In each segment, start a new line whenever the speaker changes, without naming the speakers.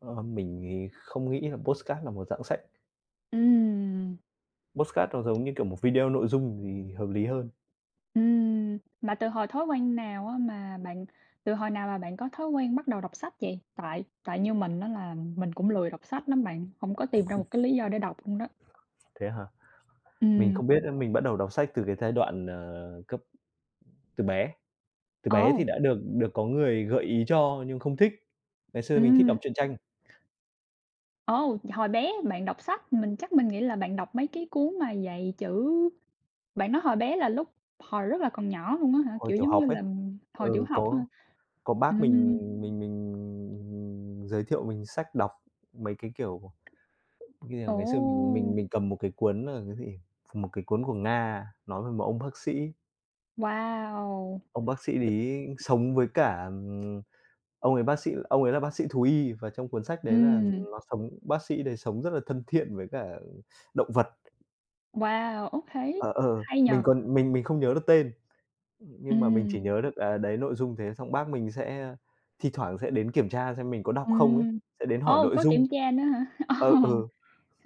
Ờ, mình thì không nghĩ là podcast là một dạng sách.
Ừm.
Podcast nó giống như kiểu một video nội dung thì hợp lý hơn.
Ừm. Mà từ hồi thói quen nào á mà bạn từ hồi nào mà bạn có thói quen bắt đầu đọc sách vậy? Tại tại như mình á là mình cũng lười đọc sách lắm bạn, không có tìm ra một cái lý do để đọc luôn đó.
Thế hả? Mình
Ừm.
không biết nữa mình bắt đầu đọc sách từ cái giai đoạn, ờ, cấp từ bé. Từ bé
Ồ.
thì đã được được có người gợi ý cho nhưng không thích. Ngày xưa mình thích đọc
Ừm.
truyện tranh.
Ồ, hồi bé bạn đọc sách, mình chắc mình nghĩ là bạn đọc mấy cái cuốn mà dạy chữ. Bạn nói hồi bé là lúc hồi rất là còn nhỏ luôn á hả,
Hồi
kiểu,
tiểu
giống như
học ấy,
là, hồi tiểu
ừ,
học á
có
hả?
có bác mình
Ừm.
mình mình giới thiệu mình sách đọc, mấy cái, kiểu, như là ngày xưa mình mình
Ồ!
mình cầm một cái cuốn là cái gì? Một cái cuốn của Nga nói về một ông bác sĩ
Wow!
ông bác sĩ đấy sống với cả, ừm ông ấy bác sĩ ông ấy là bác sĩ thú y và trong cuốn sách đấy là
Ừm.
nó sống bác sĩ đấy sống rất là thân thiện với cả động vật.
Wow, okay,
Ờ, ờ,
hay nhỉ!
mình còn mình mình không nhớ được tên, nhưng mà mình chỉ
Ừm.
nhớ được, à, đấy nội dung thế xong bác mình sẽ thi thoảng sẽ đến kiểm tra xem mình có đọc không ấy,
Ừm,
sẽ đến hỏi
ô,
nội
có
dung.
kiểm tra nữa hả? Ồ!
Ờ, ừ.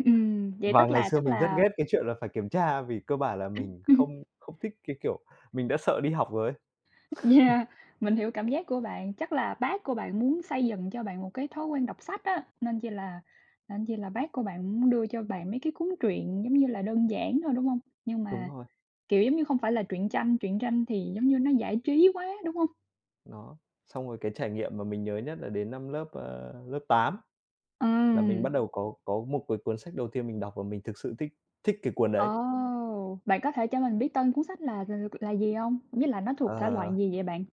Ừm, vậy
Và
tức
ngày
là
xưa
tức
mình rất
là
ghét cái chuyện là phải kiểm tra vì cơ bản là mình
[unintelligible]
không không thích cái kiểu mình đã sợ đi học rồi ấy.
Yeah, mình hiểu cảm giác của bạn, chắc là bác của bạn muốn xây dựng cho bạn một cái thói quen đọc sách á, nên chi là nên chi là bác của bạn muốn đưa cho bạn mấy cái cuốn truyện, giống như là, đơn giản thôi, đúng hông? Nhưng
Đúng
mà,
rồi.
kiểu, giống như, không phải là truyện tranh, truyện tranh thì, giống như, nó giải trí quá, đúng hông?
Đó, xong rồi cái trải nghiệm mà mình nhớ nhất là đến năm lớp, ơ, lớp 8, là mình bắt
Ờm.
đầu có có một cái cuốn sách đầu tiên mình đọc và mình thực sự thích thích cái cuốn đấy.
Ồ. Bạn có thể cho mình biết tên cuốn sách là là c là gì hông? Với lại nó thuộc thể loại
Ờ.
gì vậy bạn?